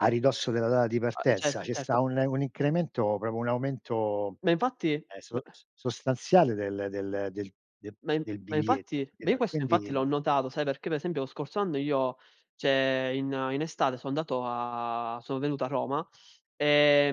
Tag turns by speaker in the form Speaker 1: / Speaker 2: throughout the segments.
Speaker 1: A ridosso della data di
Speaker 2: Ah, cett
Speaker 1: partenza, ce
Speaker 2: certo.
Speaker 1: sta un un incremento, proprio un aumento,
Speaker 2: Ma, infatti
Speaker 1: ehm,
Speaker 2: b
Speaker 1: so s sostanziale del del del de
Speaker 2: Ma in
Speaker 1: del
Speaker 2: ma
Speaker 1: biglietto,
Speaker 2: infatti ma, io
Speaker 1: capito?
Speaker 2: questo, infatti, l'ho
Speaker 1: Quindi
Speaker 2: notato, sai, perché pe esempio lo scorso anno io cioè, in in estate so andato a sono venuto a Roma,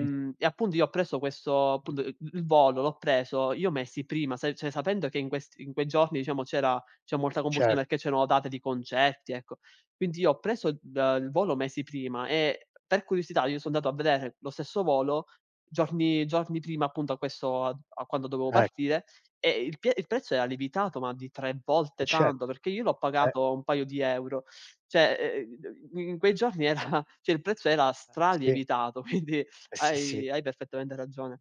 Speaker 1: Mh.
Speaker 2: e appunto, io ho preso questo, punt uhm, l l volo, l'ho preso, io mesi prima, sai, cioè, sapendo che in questi in quei giorni, diciamo, c'era c'è molta
Speaker 1: Cer
Speaker 2: confusione, che c'erano date di concerti, ecco. Quindi, io ho preso d il volo mesi prima, e per curiosità, io so andato a vedere lo stesso volo giorni giorni prima, appunto, a questo a a quando dovevo
Speaker 1: Eh.
Speaker 2: partire, e il pie il prezzo era lievitato ma di 3
Speaker 1: E
Speaker 2: volte
Speaker 1: cett
Speaker 2: tanto, perché io l'ho
Speaker 1: eh!
Speaker 2: pagato 1 paio di euro. Cioè, uhm, mhmm, in quei giorni era cioè, il prezzo era
Speaker 1: Eh, e sì.
Speaker 2: stralievitato, quindi,
Speaker 1: Eh sì, sì.
Speaker 2: hai hai perfettamente ragione.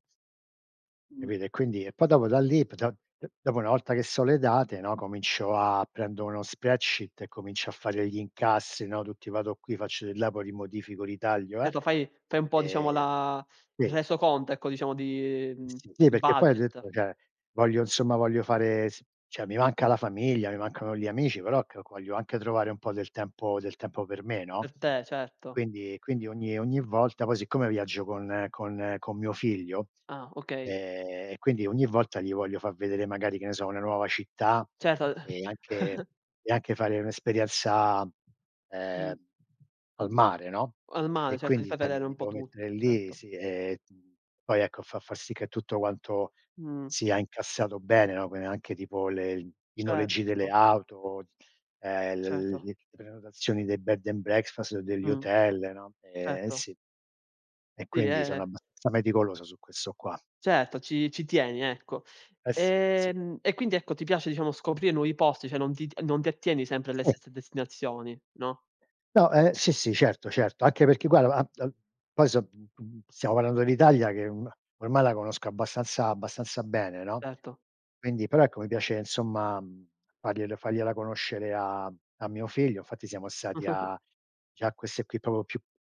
Speaker 2: Mh.
Speaker 1: Capito, e quindi e poi, dopo da lì, pta e dopo una volta che so le date, no, comincio a prendo uno spreadsheet e comincio a fare gli incassi, no, tutti, vado qui, faccio di là, poi li modifico, li taglio, eh
Speaker 2: Etto, fai fai un po', diciamo,
Speaker 1: ehm
Speaker 2: la il
Speaker 1: sì.
Speaker 2: resoconto, ecco, diciamo, di mhmm,
Speaker 1: Sì,
Speaker 2: il
Speaker 1: perché poi ho
Speaker 2: budget.
Speaker 1: detto, cioè: “Voglio, insomma, voglio fare s cioè, mi manca la famiglia, mi mancano gli amici, però, calco voglio anche trovare un po' del tempo del tempo per me,
Speaker 2: Per
Speaker 1: no?“
Speaker 2: te, certo.
Speaker 1: Quindi quindi, ogni ogni volta poi, siccome viaggio con con con mio figlio
Speaker 2: Ah, okay.
Speaker 1: ehm, e quindi, ogni volta gli voglio fa vedere, magari, che ne so, una nuova città,
Speaker 2: Certo.
Speaker 1: e anche e anche fare un'esperienza, uhm,
Speaker 2: Mh.
Speaker 1: al mare, no?
Speaker 2: Al mare,
Speaker 1: E,
Speaker 2: certo, gli
Speaker 1: quindi,
Speaker 2: fai
Speaker 1: sai,
Speaker 2: vedere
Speaker 1: mi
Speaker 2: un
Speaker 1: mi
Speaker 2: po'
Speaker 1: devo mettere
Speaker 2: tutto.
Speaker 1: lì,
Speaker 2: Certo.
Speaker 1: sì, ehm, poi, ecco, fa fa sì che tutto guanto
Speaker 2: Mh.
Speaker 1: sia incassato bene, no, quindi anche tipo le l i noleggi delle
Speaker 2: Certo.
Speaker 1: auto, uhm, l
Speaker 2: Ceto.
Speaker 1: le prenotazioni dei bed and breakfast, o degli
Speaker 2: Mh.
Speaker 1: hotel, no, ehm, e
Speaker 2: Certo.
Speaker 1: sì e
Speaker 2: Sì,
Speaker 1: quindi,
Speaker 2: eh, eh.
Speaker 1: sono abbastanza meticoloso su questo qua.
Speaker 2: Certo, ci ci tieni, ecco.
Speaker 1: Eh sì, sì.
Speaker 2: Ehm, e quindi, ecco, ti piace, diciamo, scoprire nuovi posti, cioè, non ti t non ti attieni sempre alle
Speaker 1: Sì.
Speaker 2: stesse destinazioni, no?
Speaker 1: No, uhm, sì, sì, certo, certo, anche perché gua a a poi so [unintelligible] stiamo parlando dell'Italia che un ormai, la conosco abbastanza abbastanza bene, no?
Speaker 2: Etto.
Speaker 1: Quindi però, ecco, mi piace, insomma, mhmm, fargliel fargliela conoscere a mhmm, a mio figlio, fatti siamo stati a già queste qui, proprio più